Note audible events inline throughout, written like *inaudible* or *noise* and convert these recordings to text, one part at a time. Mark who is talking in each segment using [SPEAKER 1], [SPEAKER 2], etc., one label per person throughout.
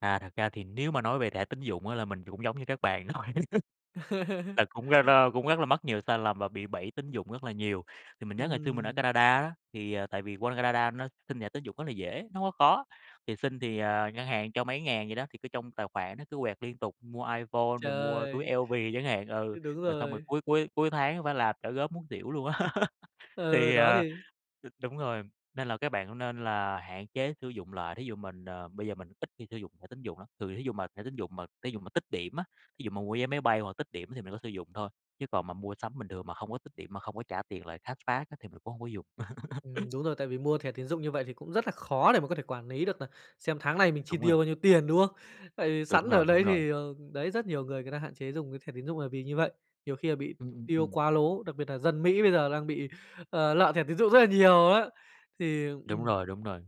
[SPEAKER 1] À, thật ra thì nếu mà nói về thẻ tín dụng á là mình cũng giống như các bạn thôi, *laughs*
[SPEAKER 2] *laughs*
[SPEAKER 1] là cũng, a, la cũng rất là mắc nhiều sai lầm và bị bẫy tín dụng rất là nhiều. Thì mình nhớ ngày xưa mình ở
[SPEAKER 2] Ừm.
[SPEAKER 1] Canada á, thì, ờ, tại vì qua Canada nó xin thẻ tín dụng rất là dễ, nó hông có khó, thì xin thì, à, ngân hàng cho mấy ngàn vậy đó, thì cứ trong tài khoản nó cứ quẹt liên tục, mua iPhone rồi mua túi
[SPEAKER 2] Trời!
[SPEAKER 1] LV chẳng hạn ừ,
[SPEAKER 2] Ư, đúng
[SPEAKER 1] rồi xong rồi
[SPEAKER 2] rồi.
[SPEAKER 1] cuối cuối cuối tháng, a, phải làm trả góp muốn xỉu luôn á. *laughs*
[SPEAKER 2] Ừ,
[SPEAKER 1] Thì,
[SPEAKER 2] đó
[SPEAKER 1] ờ,
[SPEAKER 2] thì
[SPEAKER 1] ờ đúng rồi, nên là các bạn cũng nên là hạn chế sử dụng lại. Thí dụ mình, ờ, bây giờ mình ít khi sử dụng thẻ tín dụng lắm, thường thí dụ mà thẻ tín dụng mà thí dụ mà tích điểm á, thí dụ mà mua vé máy bay hoặc tích điểm thì mình có sử dụng thôi, chứ còn mà mua sắm bình thường mà hông có tích điểm, mà hông có trả tiền lại, cashback á thì mình cũng hông có dùng.
[SPEAKER 2] Ừm,
[SPEAKER 1] *laughs*
[SPEAKER 2] đúng rồi, tại vì mua thẻ tín dụng như vậy thì cũng rất là khó để mà có thể quản lý được nà xem tháng này mình chi
[SPEAKER 1] Đúng rồi.
[SPEAKER 2] tiêu bao nhiêu tiền, đúng không? Tại vì
[SPEAKER 1] Đúng
[SPEAKER 2] sẵn ở
[SPEAKER 1] rồi, đúng
[SPEAKER 2] đấy
[SPEAKER 1] rồi.
[SPEAKER 2] thì, ờ, đấy, rất nhiều người người ta hạn chế dùng cái thẻ tín dụng nà vì như vậy, nhiều khi là bị
[SPEAKER 1] Ừm, ừm,
[SPEAKER 2] tiêu
[SPEAKER 1] ừm.
[SPEAKER 2] quá lố, đặc biệt nà dân Mỹ bây giờ đang bị, ờ, lợ thẻ tín dụng rất là nhiều á. Thì,
[SPEAKER 1] Đúng
[SPEAKER 2] ừm
[SPEAKER 1] rồi, đúng rồi.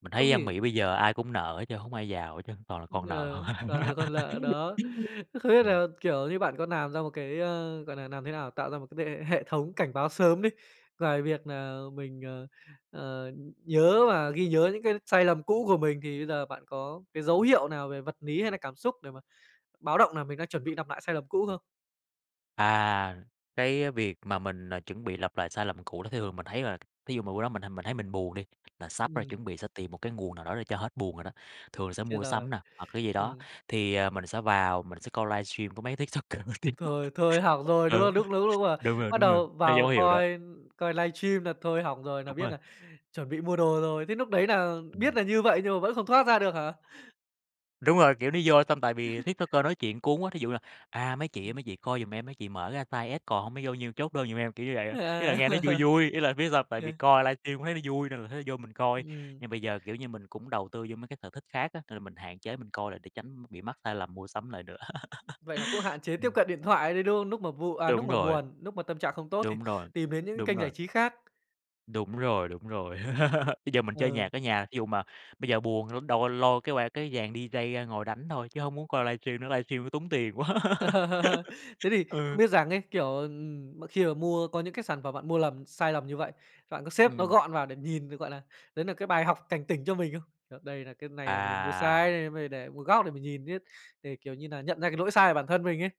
[SPEAKER 1] Mình
[SPEAKER 2] Không
[SPEAKER 1] thấy dân
[SPEAKER 2] thể
[SPEAKER 1] Mỹ bây giờ ai cũng nợ hết trơn, hổng ai giàu hết trơn, toàn là con nợ.
[SPEAKER 2] Ờ, toàn là còn
[SPEAKER 1] *laughs*
[SPEAKER 2] lợ, đó. Không biết
[SPEAKER 1] Ừm.
[SPEAKER 2] là, kiểu như, bạn có làm ra một cái, ờ, gọi nà, làm thế nào tạo ra một cái đệ hệ thống cảnh báo sớm đi, ngoài việc nà mình, ờ, ờ, nhớ và ghi nhớ những cái sai lầm cũ của mình, thì bây giờ bạn có cái dấu hiệu nào về vật lý hay nà cảm xúc để mà báo động nà mình đang chuẩn bị lặp nại sai lầm cũ không?
[SPEAKER 1] À, cái việc mà mình, ờ, chuẩn bị lặp lại sai lầm cũ thì thường mình thấy là, thí dụ mà bữa đó mình, à, mình thấy mình buồn đi, là sắp rồi,
[SPEAKER 2] Ừm.
[SPEAKER 1] chuẩn bị sẽ tìm một cái nguồn nào đó để cho hết buồn rồi đó, thường là sẽ
[SPEAKER 2] Chết
[SPEAKER 1] mua
[SPEAKER 2] rồi,
[SPEAKER 1] sắm nè, hoặc cái gì đó.
[SPEAKER 2] ừm.
[SPEAKER 1] Thì, ờ, mình sẽ vào mình sẽ coi livestream có mấy TikToker nổi tiếng *laughs*
[SPEAKER 2] Thôi thôi hỏng rồi, đúng
[SPEAKER 1] ừ,
[SPEAKER 2] không? Lúc lúc lúc mà
[SPEAKER 1] đúng rồi,
[SPEAKER 2] bắt
[SPEAKER 1] đúng rồi,
[SPEAKER 2] đầu
[SPEAKER 1] thấy dấu
[SPEAKER 2] vào
[SPEAKER 1] hiệu đó.
[SPEAKER 2] coi coi livestream nà thôi hỏng rồi, nà
[SPEAKER 1] Đúng
[SPEAKER 2] biết
[SPEAKER 1] rồi.
[SPEAKER 2] nà chuẩn bị mua đồ rồi. Thế lúc đấy nà biết
[SPEAKER 1] Ừm.
[SPEAKER 2] nà như vậy nhưng mà vẫn không thoát ra được hả?
[SPEAKER 1] Đúng rồi, kiểu, nó vô xong tại vì
[SPEAKER 2] *laughs*
[SPEAKER 1] TikToker nói chuyện cuốn quá, thí dụ như là, à: "Mấy chị ơi mấy chị coi giùm em, mấy chị mở ra size S còn hông mới vô nhiêu chốt đơn giùm em", kiểu như vậy. Ý là
[SPEAKER 2] Ờ.
[SPEAKER 1] nghe nó vui
[SPEAKER 2] *laughs*
[SPEAKER 1] vui, ý là biết sao hông? Tại vì
[SPEAKER 2] Ờ.
[SPEAKER 1] coi livestream cũng thấy nó vui nên là thấy nó vô mình coi,
[SPEAKER 2] Ừm.
[SPEAKER 1] nhưng bây giờ, kiểu như, mình cũng đầu tư vô mấy cái sở thích khác á, nên là mình hạn chế mình coi lại để tránh bị mắc sai lầm mua sắm lại nữa.
[SPEAKER 2] Vậy nà cũng
[SPEAKER 1] *laughs*
[SPEAKER 2] hạn chế tiếp
[SPEAKER 1] Ừm.
[SPEAKER 2] cận điện thoại đấy, đúng không? Lúc mà vụ à, lúc
[SPEAKER 1] Đúng
[SPEAKER 2] mà
[SPEAKER 1] rồi.
[SPEAKER 2] buồn, lúc mà tâm trạng không tốt thì
[SPEAKER 1] Đúng rồi,
[SPEAKER 2] tìm đến những cái
[SPEAKER 1] đúng
[SPEAKER 2] kênh giải
[SPEAKER 1] rồi.
[SPEAKER 2] trí khác.
[SPEAKER 1] Đúng rồi, đúng rồi. *laughs* Bây giờ mình chơi nhạc
[SPEAKER 2] Ừ.
[SPEAKER 1] ở nhà, thí dụ mà bây giờ buồn đâu có lôi cái qua cái dàn DJ ngồi đánh thôi, chứ hông muốn coi livestream nữa, livestream nó tốn tiền quá. *laughs*
[SPEAKER 2] *laughs* Thế thì không
[SPEAKER 1] Ừ.
[SPEAKER 2] biết rằng ấy, kiểu, ừm, mà khi mà mua có những cái sản phẩm bạn mua lầm sai lầm như vậy, bạn có xếp nó
[SPEAKER 1] Ừm.
[SPEAKER 2] gọn vào để nhìn, gọi là, đấy nà cái bài học cảnh tỉnh cho mình không? Kiểu, đây là cái này nà mình mua sai
[SPEAKER 1] À.
[SPEAKER 2] này, phải để một góc để mình nhìn chứ, để, kiểu như nà, nhận ra cái lỗi sai của bản thân mình ấy?